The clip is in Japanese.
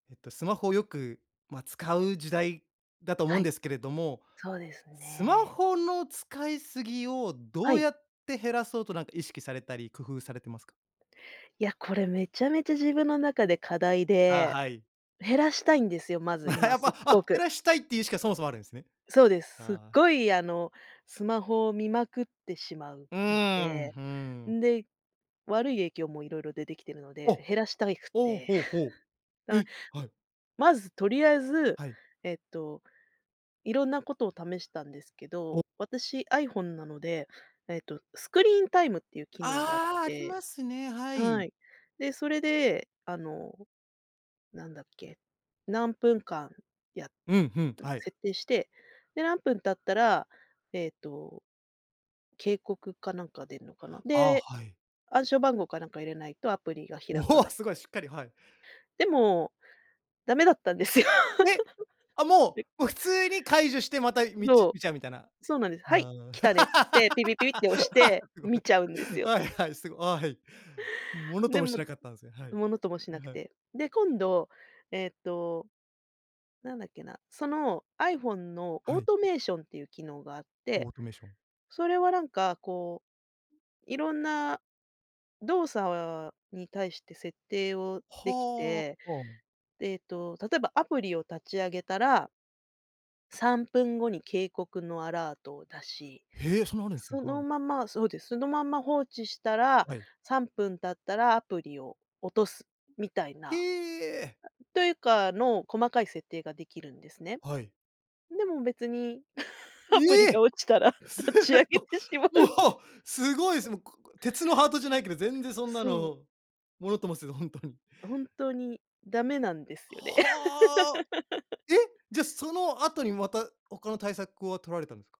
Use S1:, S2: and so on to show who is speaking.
S1: えっとスマホをよく、ま、使う時代だと思
S2: は
S1: うん
S2: い。
S1: ですけれども、
S2: そうです
S1: スマ
S2: ね。
S1: ホの使い過ぎをど
S2: は
S1: う
S2: い。
S1: やって減らそうとなんか、意識されたり工夫されてますか？
S2: いや、これめちゃめちゃ自分の中で課題
S1: あ、
S2: で、
S1: はい。
S2: 減らしたいんですよ、まず 今
S1: やっ
S2: すっ
S1: ぱ、
S2: ご
S1: あ、減
S2: く。
S1: らしたいっていうしか、そもそもあるんですね。
S2: そうです、すっ
S1: はあ。
S2: ごい、あの、スマホを見まくってしまう
S1: う
S2: の
S1: ーん、
S2: で、
S1: ふん。
S2: んで、悪い影響も色々出てきてるので、
S1: お。
S2: 減らしたいく
S1: おう、
S2: て、
S1: ほうほ う。
S2: だ
S1: え、はい。
S2: まずとりあえず、
S1: はい。
S2: えっと色んなことを試したんですけ
S1: お。
S2: ど、私 iPhone なので、えっと、スクリーンタイムっていう機能があっ
S1: ああ、あり
S2: て
S1: ますね、はい。
S2: はい。で、それで、あの、なんだっけ、何分間や
S1: うん、ふん、
S2: うん、
S1: はい。
S2: 設定して、で、何分経ったら、ええと、警告かなんか出るのかな、
S1: ああ、
S2: で、
S1: はい。
S2: 暗証番号かなんか入れないとアプリが
S1: お
S2: 開か
S1: ほ、
S2: ない。
S1: すごいしっかりはい。
S2: でもダメだったんですよ。
S1: うえ。あ、も
S2: な
S1: う、もう
S2: んか
S1: 普通に解除してまたみち
S2: そう、
S1: 見ちゃうみたいな。
S2: そうなんです。はい、
S1: あん。
S2: 来たねってつって、ピピピピって押して
S1: すごい。
S2: 見ちゃうんですよ。
S1: はいはい、凄 い。ものと
S2: で
S1: もし
S2: も
S1: なかったんですね。はい。
S2: ものともしな
S1: な、
S2: く
S1: はい。
S2: て、で、今度、えっと、なんだっけな、その iPhone の
S1: は
S2: オー
S1: い。
S2: トメーションっていう機能があっ
S1: オ
S2: て、
S1: ートメーション。
S2: それはなんか、こう、色んな動作に対して設定をでき
S1: はあ。
S2: て、
S1: オウム。
S2: で、えっと例えばアプリを立ち上げたら3分後に警告のアラートを出し、
S1: へえ、そんなあるんですね。
S2: そ
S1: は
S2: の
S1: い。
S2: ままそうです、そのまま放置したら
S1: はい。
S2: 3分経ったらアプリを落とすみたい
S1: へ
S2: な
S1: え。
S2: というかの細かい設定ができるんですね。
S1: はい。
S2: でも別に、アプリ
S1: え
S2: が
S1: え。
S2: 落ちたら
S1: すっ
S2: 立ち上げてしま
S1: ご、
S2: う。
S1: もう、すごいです。もう、ここ鉄のハートじゃないけど、全然そんな
S2: そう。
S1: のものともせず、本当に。
S2: あ、本当にダメなんですよね。
S1: はあ。え、じゃ、その後に、また、他の対策を取られたんですか？